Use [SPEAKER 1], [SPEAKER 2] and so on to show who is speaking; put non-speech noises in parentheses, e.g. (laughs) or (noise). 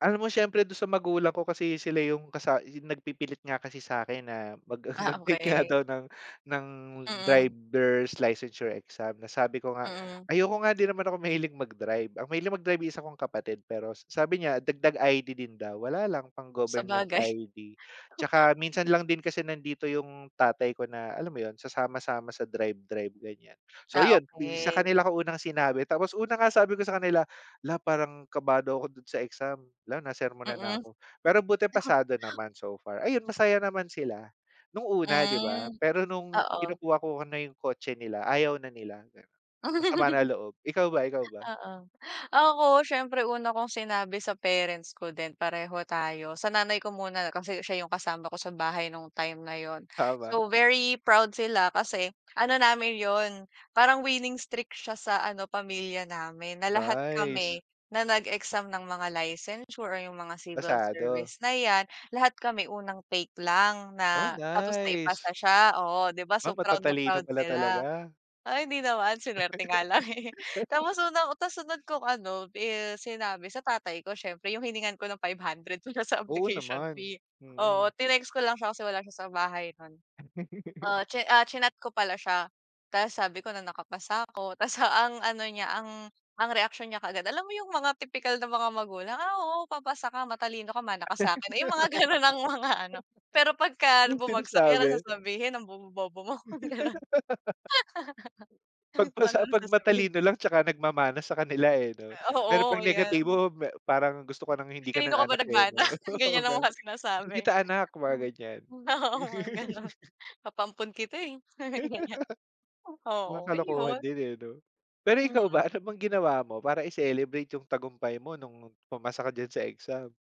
[SPEAKER 1] Alam mo siyempre dun sa magulang ko kasi sila yung kasa yung nagpipilit nga kasi sa akin na mag
[SPEAKER 2] Ah,
[SPEAKER 1] mag-take nga
[SPEAKER 2] okey.
[SPEAKER 1] daw ng ng
[SPEAKER 2] Mm.
[SPEAKER 1] driver's licensure exam na sabi ko nga,
[SPEAKER 2] Mm.
[SPEAKER 1] "Ayoko nga, di naman ako mahilig mag-drive." Ang mahilig mag-drive isa kong kapatid, pero s sabi niya, dagdag ID din daw, wala lang pang-government
[SPEAKER 2] Sabagay.
[SPEAKER 1] ID. Tsaka minsan
[SPEAKER 2] (laughs)
[SPEAKER 1] lang din kasi nandito yung tatay ko na alam mo yun, sasama-sama sa drive-drive, ganyan. So
[SPEAKER 2] Ah,
[SPEAKER 1] yan, eh, si sa
[SPEAKER 2] okey.
[SPEAKER 1] kanila ko unang sinabi, tapos una nga, sabi ko sa kanila, "'La parang kabado ako dun sa exam." 'La nasermonan na
[SPEAKER 2] Mm.
[SPEAKER 1] ako, pero buti
[SPEAKER 2] Naku.
[SPEAKER 1] pasado naman so far. Ayun, masaya naman sila, nung una, di ba?
[SPEAKER 2] Mm,
[SPEAKER 1] Pero nung
[SPEAKER 2] oo.
[SPEAKER 1] kinukuha ko na yung kotse nila ayaw na nila, masama na
[SPEAKER 2] (laughs)
[SPEAKER 1] loob. Ikaw ba, ikaw ba?
[SPEAKER 2] Oo, ako siyempre una kong sinabi sa parents ko din pareho tayo sa nanay ko muna kasi siya yung kasama ko sa bahay nung time na yun.
[SPEAKER 1] Tama.
[SPEAKER 2] So very proud sila kasi ano namin yun parang winning streak siya sa ano pamilya namin na lahat kami
[SPEAKER 1] Nice.
[SPEAKER 2] na nag-exam ng mga licensure o yung mga civil
[SPEAKER 1] Pasado?
[SPEAKER 2] service na yan, lahat kami unang take lang
[SPEAKER 1] Oh,
[SPEAKER 2] na tapos naipasa
[SPEAKER 1] nice!
[SPEAKER 2] siya, oo di ba?
[SPEAKER 1] 'Ba
[SPEAKER 2] So proud na
[SPEAKER 1] matatalino
[SPEAKER 2] proud
[SPEAKER 1] pala
[SPEAKER 2] sila
[SPEAKER 1] talaga.
[SPEAKER 2] ay, hindi naman sinuwerte nga lang eh, (laughs)
[SPEAKER 1] (laughs)
[SPEAKER 2] tapos unang tapos sunod kong anu, is sinabi sa tatay ko siyempre, yung hiningan ko ng 500 ko siya sa
[SPEAKER 1] Oo
[SPEAKER 2] application
[SPEAKER 1] naman,
[SPEAKER 2] fee,
[SPEAKER 1] mm.
[SPEAKER 2] oo, tinext ko lang siya kasi wala siya sa bahay nun.
[SPEAKER 1] (laughs)
[SPEAKER 2] Ah, chi ah chinat ko pala siya, tas sabi ko na nakapasa ako. Tapos ang ano niya, ang ang reaksiyon niya kaagad, alam mo yung mga tipikal na mga magulang, "Ah, oo, papasa ka matalino ka, mana ka sa akin", yung mga ganun, ang mga ano, pero
[SPEAKER 1] (laughs)
[SPEAKER 2] 'pagka
[SPEAKER 1] Yung
[SPEAKER 2] bumagsak yan
[SPEAKER 1] sinasabi?
[SPEAKER 2] sasabihin, "Ang bobo, bobo mo." Ganun.
[SPEAKER 1] (laughs) 'Pag
[SPEAKER 2] (laughs) Ganun
[SPEAKER 1] pasa
[SPEAKER 2] ang
[SPEAKER 1] 'pag
[SPEAKER 2] sasabihin
[SPEAKER 1] matalino
[SPEAKER 2] sa iyo.
[SPEAKER 1] lang tsaka nagmamana sa kanila, eh, no?
[SPEAKER 2] Eh,
[SPEAKER 1] Pero
[SPEAKER 2] oo,
[SPEAKER 1] 'pag
[SPEAKER 2] ayan.
[SPEAKER 1] negatibo me parang gusto ka nang hindi ka
[SPEAKER 2] Kanino
[SPEAKER 1] nang
[SPEAKER 2] ka ba
[SPEAKER 1] anak, eh,
[SPEAKER 2] nagmana?
[SPEAKER 1] no,
[SPEAKER 2] Ganyan
[SPEAKER 1] (laughs)
[SPEAKER 2] ang
[SPEAKER 1] ganun,
[SPEAKER 2] mga
[SPEAKER 1] "Hindi
[SPEAKER 2] sinasabi.
[SPEAKER 1] kita anak", mga ganyan.
[SPEAKER 2] Ah, oo, mga ganon,
[SPEAKER 1] (laughs)
[SPEAKER 2] papaampon kita eh, mga
[SPEAKER 1] (laughs)
[SPEAKER 2] ganyan
[SPEAKER 1] Mga
[SPEAKER 2] oo
[SPEAKER 1] kalokohan
[SPEAKER 2] ayun.
[SPEAKER 1] din, eh, no? Pero ikaw
[SPEAKER 2] Mm.
[SPEAKER 1] ba, ano bang ginawa mo para i celebrate yung tagumpay mo nung pumasa ka diyan sa exam?